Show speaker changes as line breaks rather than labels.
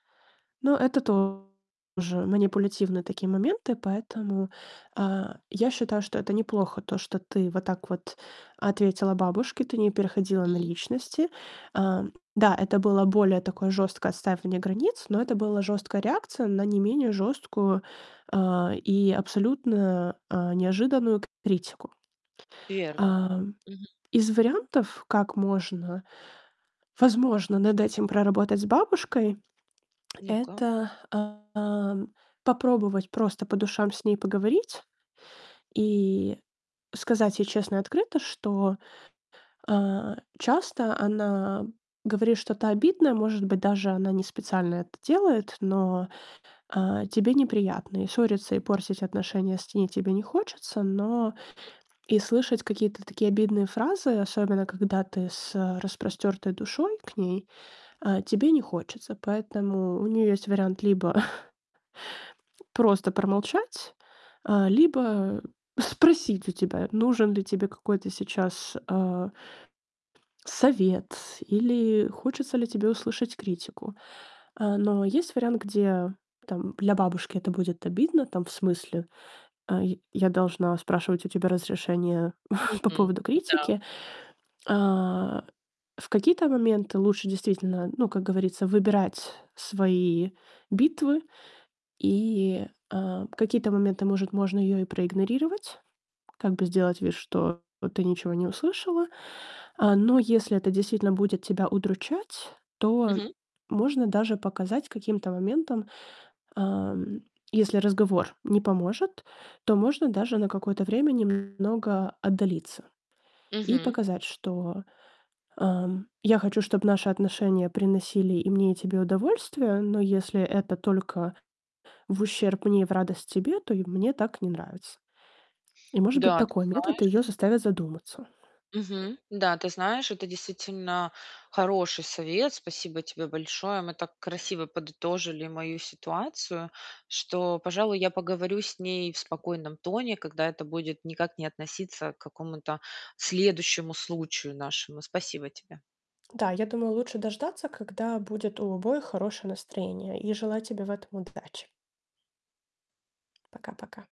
Ну, это тоже манипулятивные такие моменты, поэтому, а, я считаю, что это неплохо, то что ты вот так вот ответила бабушке, ты не переходила на
Мгм.
личности. А, да, это было более такое жесткое отстаивание границ, но это было жесткая реакция на не менее жесткую, а, и абсолютно, а, неожиданную критику.
Верно.
Ам,
Мгм.
из вариантов, как можно- возможно над этим проработать с бабушкой-
Ну-ка.
это, ам, попробовать просто по душам с ней поговорить и сказать ей честно и открыто, что, а, часто она говорит что-то обидное, может быть даже, она не специально это делает, но, а, тебе неприятно. И ссориться, и портить отношения с ней тебе не хочется, но
М.
и слышать какие-то такие обидные фразы, особенно когда ты с распростертой душой к ней, а, тебе не хочется. Поэтому у нее есть вариант либо просто промолчать, а, либо спросить у тебя, нужен ли тебе какой-то сейчас, а совет, или хочется ли тебе услышать критику. А, но есть вариант, где там для бабушки это будет обидно там в смысле, а: "Й я должна спрашивать у тебя разрешения по
Мгм.
поводу
Н-да.
критики?" А, в какие-то моменты лучше действительно, ну, как говорится, выбирать свои битвы. И, а, в какие-то моменты, может, можно ее и проигнорировать, как бы сделать вид, что ты ничего не услышала. А, но если это действительно будет тебя удручать, то
Мгм.
можно даже показать каким-то моментом. Ам, если разговор не поможет, то можно даже на какое-то время немного отдалиться. И
Мгм.
показать, что, ам: "Я хочу, чтоб наши отношения приносили и мне, и тебе удовольствие, но если это только в ущерб мне и в радость тебе, то и мне так не нравится". И может быть
Да, ты
такой метод ее
знаешь
заставит задуматься.
мгм, да, ты знаешь, это действительно хороший совет. Спасибо тебе большое. Мы так красиво подытожили мою ситуацию, что, пожалуй, я поговорю с ней в спокойном тоне, когда это будет никак не относиться к какому-то следующему случаю нашему. Спасибо тебе.
Да, я думаю, лучше дождаться, когда будет у обоих хорошее настроение. И желаю тебе в этом удачи. Пока-пока.